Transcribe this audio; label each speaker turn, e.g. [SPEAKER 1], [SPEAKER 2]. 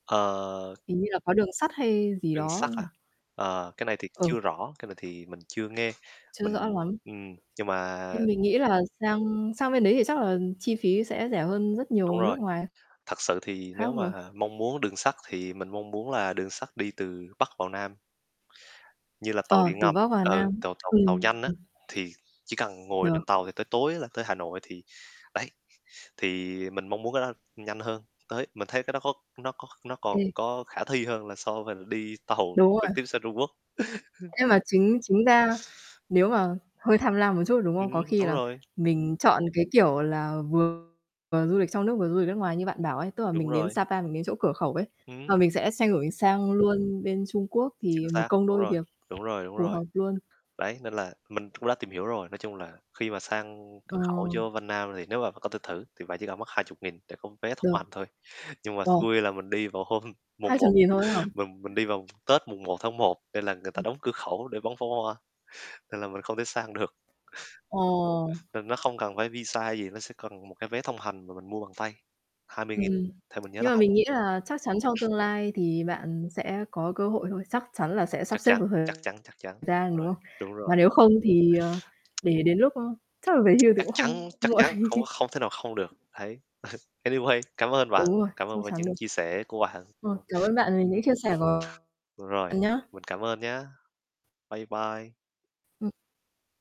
[SPEAKER 1] Ờ.
[SPEAKER 2] Hình như là có đường sắt hay gì
[SPEAKER 1] Đường sắt
[SPEAKER 2] đó nhỉ?
[SPEAKER 1] à? Ờ, cái này thì chưa
[SPEAKER 2] Ừ.
[SPEAKER 1] rõ, cái này thì mình chưa nghe,
[SPEAKER 2] Chưa rõ
[SPEAKER 1] mình
[SPEAKER 2] lắm,
[SPEAKER 1] ừm, nhưng mà
[SPEAKER 2] nhưng mình nghĩ là sang sang bên đấy thì chắc là chi phí sẽ rẻ hơn rất
[SPEAKER 1] Đúng
[SPEAKER 2] nhiều
[SPEAKER 1] rồi,
[SPEAKER 2] nước ngoài.
[SPEAKER 1] thật sự thì
[SPEAKER 2] Khác
[SPEAKER 1] nếu
[SPEAKER 2] rồi.
[SPEAKER 1] mà mong muốn đường sắt thì mình mong muốn là đường sắt đi từ Bắc vào Nam. Như là tàu
[SPEAKER 2] Ờ,
[SPEAKER 1] điện
[SPEAKER 2] từ
[SPEAKER 1] ngầm,
[SPEAKER 2] Bắc vào
[SPEAKER 1] ừ,
[SPEAKER 2] Nam,
[SPEAKER 1] tàu tàu tàu
[SPEAKER 2] ừm.
[SPEAKER 1] nhanh á, thì chỉ cần ngồi trên
[SPEAKER 2] Được.
[SPEAKER 1] tàu thì tới tối á là tới Hà Nội, thì đấy, thì mình mong muốn cái đó nhanh hơn, tới mình thấy cái đó có nó có nó còn
[SPEAKER 2] Ừm.
[SPEAKER 1] có khả thi hơn là so với là đi tàu
[SPEAKER 2] Đúng
[SPEAKER 1] trực
[SPEAKER 2] rồi.
[SPEAKER 1] tiếp sang Trung Quốc.
[SPEAKER 2] Nhưng mà chính chính ra nếu mà hơi tham lam một chút, đúng
[SPEAKER 1] Ừm,
[SPEAKER 2] không? Có khi
[SPEAKER 1] đúng
[SPEAKER 2] là
[SPEAKER 1] rồi.
[SPEAKER 2] mình chọn cái, kiểu là, vừa du lịch trong nước, vừa du lịch nước ngoài như bạn bảo ấy, tức là
[SPEAKER 1] Đúng
[SPEAKER 2] mình đến
[SPEAKER 1] rồi.
[SPEAKER 2] Sa Pa, mình đến chỗ cửa khẩu ấy, và
[SPEAKER 1] Ừm.
[SPEAKER 2] mình sẽ xoay đổi sang luôn bên Trung Quốc,
[SPEAKER 1] Chính
[SPEAKER 2] thì một
[SPEAKER 1] xác,
[SPEAKER 2] công
[SPEAKER 1] đúng
[SPEAKER 2] đôi
[SPEAKER 1] rồi,
[SPEAKER 2] việc,
[SPEAKER 1] đúng rồi, đúng
[SPEAKER 2] phù
[SPEAKER 1] rồi.
[SPEAKER 2] hợp luôn.
[SPEAKER 1] Đấy, nên là mình cũng đã tìm hiểu rồi, nói chung là, khi mà sang
[SPEAKER 2] Ờ.
[SPEAKER 1] cửa khẩu vô Vân Nam, thì nếu mà bạn có thể thử, thì bạn chỉ cần mất 20.000 để có vé thông
[SPEAKER 2] Được.
[SPEAKER 1] hành thôi. Nhưng mà
[SPEAKER 2] Wow.
[SPEAKER 1] xui là mình đi vào hôm mùng
[SPEAKER 2] Hai
[SPEAKER 1] 1,
[SPEAKER 2] chục nghìn thôi ấy hả?
[SPEAKER 1] mình mình đi vào Tết, mùng 01/01, nên là người ta đóng cửa khẩu để bắn pháo hoa, nên là mình không thể sang được.
[SPEAKER 2] Ờ.
[SPEAKER 1] Nên nó không cần phải visa hay gì, nó sẽ cần một cái vé thông hành mà mình mua bằng tay, 20.000,
[SPEAKER 2] Ừm,
[SPEAKER 1] thì mình nhớ là
[SPEAKER 2] nhưng mà
[SPEAKER 1] hai
[SPEAKER 2] mình
[SPEAKER 1] mươi
[SPEAKER 2] nghĩ là chắc chắn trong
[SPEAKER 1] nghìn.
[SPEAKER 2] tương lai thì bạn sẽ có cơ hội thôi, chắc chắn là sẽ sắp
[SPEAKER 1] Chắc
[SPEAKER 2] xếp
[SPEAKER 1] chắn,
[SPEAKER 2] được thời
[SPEAKER 1] chắc chắn, chắc chắn,
[SPEAKER 2] gian, đúng
[SPEAKER 1] rồi,
[SPEAKER 2] không?
[SPEAKER 1] đúng rồi.
[SPEAKER 2] Mà nếu không thì, ờ, để đến lúc, ơ, chắc là về hưu thì
[SPEAKER 1] Chắc
[SPEAKER 2] cũng
[SPEAKER 1] chắn,
[SPEAKER 2] không
[SPEAKER 1] chắc
[SPEAKER 2] muộn.
[SPEAKER 1] chắn, không không thể nào không được, đấy. Anyway, cảm ơn bạn,
[SPEAKER 2] Đúng rồi,
[SPEAKER 1] cảm
[SPEAKER 2] chắc
[SPEAKER 1] ơn về
[SPEAKER 2] chắn
[SPEAKER 1] những
[SPEAKER 2] được.
[SPEAKER 1] chia sẻ của bạn.
[SPEAKER 2] Rồi, cảm ơn bạn vì
[SPEAKER 1] Ừm,
[SPEAKER 2] những chia sẻ của bạn
[SPEAKER 1] rồi,
[SPEAKER 2] nhá.
[SPEAKER 1] mình cảm ơn nhá, bye bye.
[SPEAKER 2] Ừm.